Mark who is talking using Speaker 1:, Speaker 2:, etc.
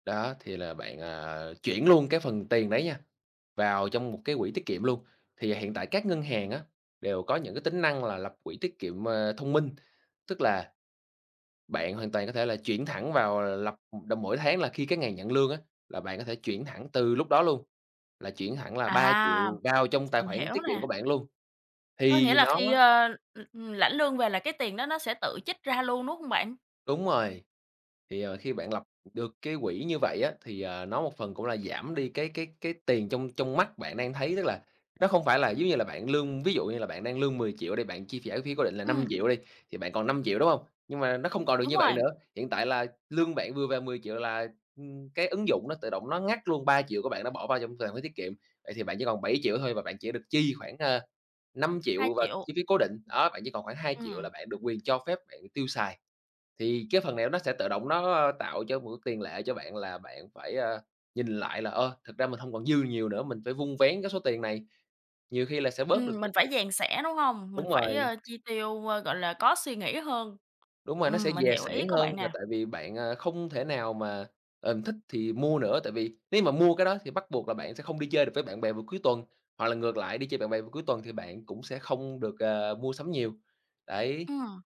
Speaker 1: Đó, thì là bạn, à, chuyển luôn cái phần tiền đấy nha, vào trong một cái quỹ tiết kiệm luôn. Thì hiện tại các ngân hàng á, đều có những cái tính năng là lập quỹ tiết kiệm, à, thông minh. Tức là bạn hoàn toàn có thể là chuyển thẳng vào là lập đồ mỗi tháng là khi cái ngày nhận lương á, là bạn có thể chuyển thẳng từ lúc đó luôn, là chuyển thẳng là ba
Speaker 2: À,
Speaker 1: triệu vào trong tài
Speaker 2: mình
Speaker 1: khoản
Speaker 2: hiểu
Speaker 1: tiết kiệm của
Speaker 2: nè.
Speaker 1: bạn luôn,
Speaker 2: Có nghĩa
Speaker 1: thì
Speaker 2: là
Speaker 1: nó
Speaker 2: khi, a, ừm, lãnh lương về là cái tiền đó nó sẽ tự trích ra luôn, đúng hông bạn?
Speaker 1: Đúng rồi, thì, ờ, khi bạn lập được cái quỹ như vậy á thì, ờ, nó một phần cũng là giảm đi cái cái cái tiền trong trong mắt bạn đang thấy, tức là, nó hông phải là giống như là bạn lương Ví dụ như là bạn đang lương 10.000.000 đi, bạn chi trả chi phí cố định là năm
Speaker 2: Ừm.
Speaker 1: triệu đi, thì bạn còn 5.000.000, đúng hông? Nhưng mà nó không còn được
Speaker 2: Đúng
Speaker 1: như vậy
Speaker 2: rồi.
Speaker 1: nữa. Hiện tại là lương bạn vừa về 10.000.000 là, ừm, cái ứng dụng nó tự động nó ngắt luôn 3.000.000 của bạn nó bỏ vào trong tài khoản tiết kiệm, vậy thì bạn chỉ còn 7.000.000 thôi và bạn chỉ được chi khoảng, ờ, năm
Speaker 2: hai
Speaker 1: triệu vào
Speaker 2: triệu.
Speaker 1: chi phí cố định. Đó, bạn chỉ còn khoảng 2.000.000
Speaker 2: Ừm.
Speaker 1: là bạn được quyền cho phép bạn tiêu xài. Thì cái phần này nó sẽ tự động nó, a, tạo cho một cái tiền lệ cho bạn là bạn phải, a, nhìn lại là, ờ, thực ra mình hông còn dư nhiều nữa, mình phải vun vén cái số tiền này, nhiều khi là sẽ bớt được.
Speaker 2: Ừm, mình phải
Speaker 1: [unintelligible]
Speaker 2: dè sẻn, đúng hông? Mình
Speaker 1: Đúng
Speaker 2: phải,
Speaker 1: rồi.
Speaker 2: a, chi tiêu, a, gọi là, có suy nghĩ hơn.
Speaker 1: Đúng rồi, nó sẽ
Speaker 2: Ừm, mình
Speaker 1: dè
Speaker 2: hiểu ý
Speaker 1: sẻn
Speaker 2: của
Speaker 1: hơn
Speaker 2: bạn
Speaker 1: là
Speaker 2: nè.
Speaker 1: tại vì bạn, à, không thể nào mà, ừm, thích thì mua nữa, tại vì nếu như mà mua cái đó thì bắt buộc là bạn sẽ không đi chơi được với bạn bè vào cuối tuần. Hoặc là ngược lại, đi chơi bạn bè vào cuối tuần thì bạn cũng sẽ không được, ờ, mua sắm nhiều, đấy.
Speaker 2: Ừm.